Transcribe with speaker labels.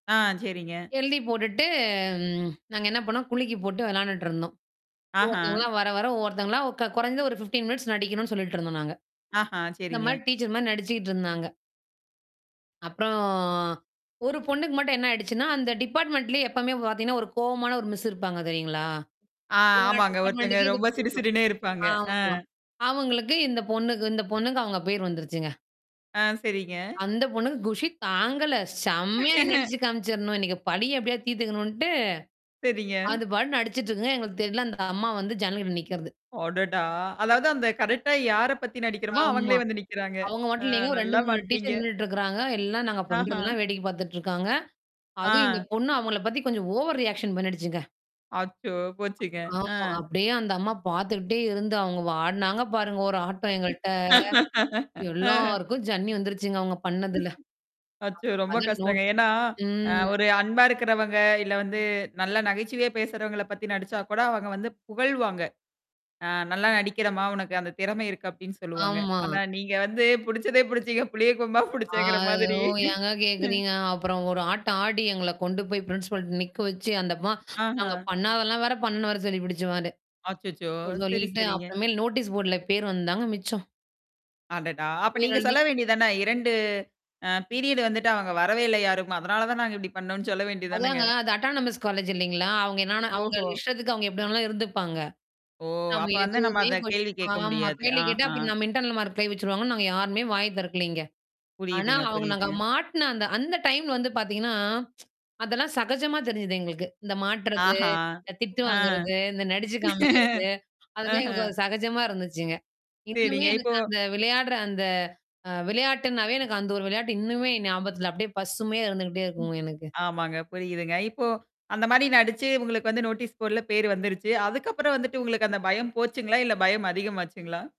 Speaker 1: ஆ, சரிங்க.
Speaker 2: எழுதி போட்டுட்டு ம். நாங்க என்ன பண்ணோம் குலுக்கி போட்டு விளையாண்டுட்டுருந்தோம்.
Speaker 1: ஆஹா.
Speaker 2: ஒவ்ஒருத்தவங்களா, வர வர ஒவ்வொருத்தவங்களா க குறைஞ்ச ஒரு 15 மினிட்ஸ் நடிக்கணும்னு சொல்லிட்டு இருந்தோம் நாங்க.
Speaker 1: ஆஹா.
Speaker 2: இந்த மாரி
Speaker 1: சரிங்க.
Speaker 2: டீச்சர் மாரி நடிச்சுக்கிட்டு இருந்தாங்க. அப்புறம் ஒரு பொண்ணுக்கு மட்டும் என்ன ஆயிடுச்சுன்னா, அந்த டிபார்ட்மென்ட்லயே எப்பவுமே பார்த்தீங்கன்னா ஒரு கோவமான ஒரு மிஸ் இருப்பாங்க தெரியுங்களா?
Speaker 1: ஆ.
Speaker 2: எல்லா
Speaker 1: ஆமாங்க. ஒருத்தங்க
Speaker 2: டிபார்ட்மெண்டக்கே இது
Speaker 1: ரொம்ப
Speaker 2: பொருந்தும்.
Speaker 1: சிடு சிடுனே இருப்பாங்க. அ.
Speaker 2: ஆமா. அவங்களுக்கு இந்த பொண்ணுக்கு இந்த பொண்ணுக்கு அவங்க பேர் வந்துருச்சுங்க.
Speaker 1: ஆ. சரிங்க.
Speaker 2: அந்த பொண்ணுக்கு குஷி தாங்கல. செம்மையா நடிச்சு காமிச்சுரணும். இன்னைக்கு பலிய எப்டியாது தீர்த்தக்கணுன்ட்டு,
Speaker 1: சேரிங்க.
Speaker 2: அது பாட்டு நடிச்சுட்டு இருக்குங்க. எங்களுக்கு தெர்ல அந்த அம்மா வந்து ஜன்னல்கிட்ட நிக்கறது.
Speaker 1: அடடா! அதாவது அந்த கரெக்ட்டா யார பத்தி நடிக்கிறோமோ,
Speaker 2: ஆமா.
Speaker 1: அவங்களே வந்து நிக்கிறாங்க.
Speaker 2: அவங்க
Speaker 1: அ
Speaker 2: மட்டும் இல்லங்க 2,
Speaker 1: நல்லா
Speaker 2: 3
Speaker 1: மாட்னீங்க.
Speaker 2: டீச்சர் நின்னுட்டு இருக்கறாங்க. எல்லாம் நாங்க
Speaker 1: ஆஹா.
Speaker 2: பண்றதெல்லாம் வேடிக்கை பார்த்துட்டுருக்காங்க. அதுவும் இந்த
Speaker 1: ஆ.
Speaker 2: பொண்ணு அவங்கள பத்தி கொஞ்சம் ஓவர் ரியாக்ஷன் பண்ணிடுச்சுங்க.
Speaker 1: அச்சோ! போச்சுங்க.
Speaker 2: ஆமா.
Speaker 1: அ.
Speaker 2: அப்படியே அந்த அம்மா பார்த்துக்கிட்டே இருந்து அவங்க ஆடுனாங்க பாருங்க ஒரு ஆட்டம் எங்கள்ட்ட.
Speaker 1: அ.
Speaker 2: எல்லாருக்கும் ஜன்னி வந்துருச்சுங்க அவுங்க பண்ணதுல.
Speaker 1: அச்சோ!
Speaker 2: அப்புறம்
Speaker 1: ரொம்ப
Speaker 2: பதில்
Speaker 1: கஷ்டங்க.
Speaker 2: நோட்
Speaker 1: ஏன்னா அ
Speaker 2: ம்.
Speaker 1: ஒரு அன்பா இருக்கிறவங்க, இல்ல வந்து நல்லா நகைச்சுவையா பேசுறவங்கள பத்தி நடிச்சா கூட, அவங்க வந்து புகழ்வாங்க. ஆ நல்லா நடிக்கிறம்மா! உனக்கு அந்த திறமை இருக்கு, அப்படின்னு சொல்லுவாங்க.
Speaker 2: ஆமா.
Speaker 1: ஆனா நீங்க வந்து, புடிச்சதே புடிச்சீங்க, புளியம் கொம்பா
Speaker 2: ஆ.
Speaker 1: புடிச்சேங்கிற மாதிரி
Speaker 2: ஓ ஏங்க
Speaker 1: ம்.
Speaker 2: கேட்கறீங்க. அப்புறம் ஒரு ஆட்டம் ஆடி, எங்கள கொண்டு போய் பிரின்சிபால் நிக்க வச்சு அந்தம்மா
Speaker 1: ஆஹா.
Speaker 2: நாங்க பண்ணாதெல்லாம் வேற பண்ணனு வேற சொல்லி பிடிச்சு அது.
Speaker 1: அச்சச்சோ!
Speaker 2: அ
Speaker 1: சேரி,
Speaker 2: சொல்லிட்டு
Speaker 1: சேரிங்க.
Speaker 2: அப்புறமேல் நோட்டீஸ் போர்டுல பேர் வந்தாங்க மிச்சம்.
Speaker 1: அடடா! அப்ப
Speaker 2: பேர்
Speaker 1: நீங்க
Speaker 2: எழுதி
Speaker 1: சொல்ல வேண்டியது தானே! 2 அ பீரியடு் வந்துட்டு அவங்க வரவே இல்ல யாரும். அதனால தான் நாங்க இப்டி பண்ணோம்னு சொல்ல வேண்டியது தானேங்க.
Speaker 2: அதாங்க அது அட்டானமிஸ் காலேஜ் இல்லைங்களா? அவங்க என்னா அவங்க
Speaker 1: ஓஹோ!
Speaker 2: இஷ்டத்துக்கு அவுங்க எப்டி வேணாலாம் இருந்துப்பாங்க.
Speaker 1: ஓ!
Speaker 2: நம்ம
Speaker 1: அப்ப வந்து நம்ம
Speaker 2: எதுவுமே
Speaker 1: அத
Speaker 2: [unintelligible]
Speaker 1: கேள்வி கேட்க
Speaker 2: ஆமா.
Speaker 1: முடியாது.
Speaker 2: கேள்வி கேட்டு
Speaker 1: ஆஹா.
Speaker 2: அப்புறம் நம்ம இன்டர்னல் மார்க்ல கை வச்சுருவாங்கன்னு, நாங்க யாருமே வாய் தெறக்கலைங்க. ஆனா
Speaker 1: புரியுதுங்க,
Speaker 2: அவங்க நாங்க
Speaker 1: புரியுதுங்க.
Speaker 2: மாட்ன அந்த அந்த டைம்ல வந்து பார்த்தீங்கன்னா, அதெல்லாம் சகஜமா தெரிஞ்சுது எங்களுக்கு. இந்த மாட்டுறது,
Speaker 1: ஆஹா!
Speaker 2: இந்த திட்டு
Speaker 1: ஆ.
Speaker 2: வாங்குறது, இந்த நடிச்சு காமிக்கிறது. அதுலாம்
Speaker 1: ஆஹ.
Speaker 2: எங்களுக்கு அது சகஜமா இருந்துச்சுங்க. இன்னுமே
Speaker 1: சேரிங்க. இப்போ
Speaker 2: எனக்கு அந்த விளையாடுற அந்த அ விளையாட்டுனாவே எனக்கு அந்த ஒரு விளையாட்டு இன்னுமே ஞாபகத்துல, அப்படியே பசுமையா இருந்துகிட்டே இருக்குங்க எனக்கு.
Speaker 1: ஆமாங்க. புரியுதுங்க. இப்போ அந்த மாரி நடிச்சு உங்களுக்கு வந்து நோட்டீஸ் போட்ல பேர் வந்துருச்சு. அதுக்கப்புறம் வந்துட்டு உங்களுக்கு அந்த பயம் போச்சுங்களா? இல்ல பயம் அதிகமாச்சுங்களா?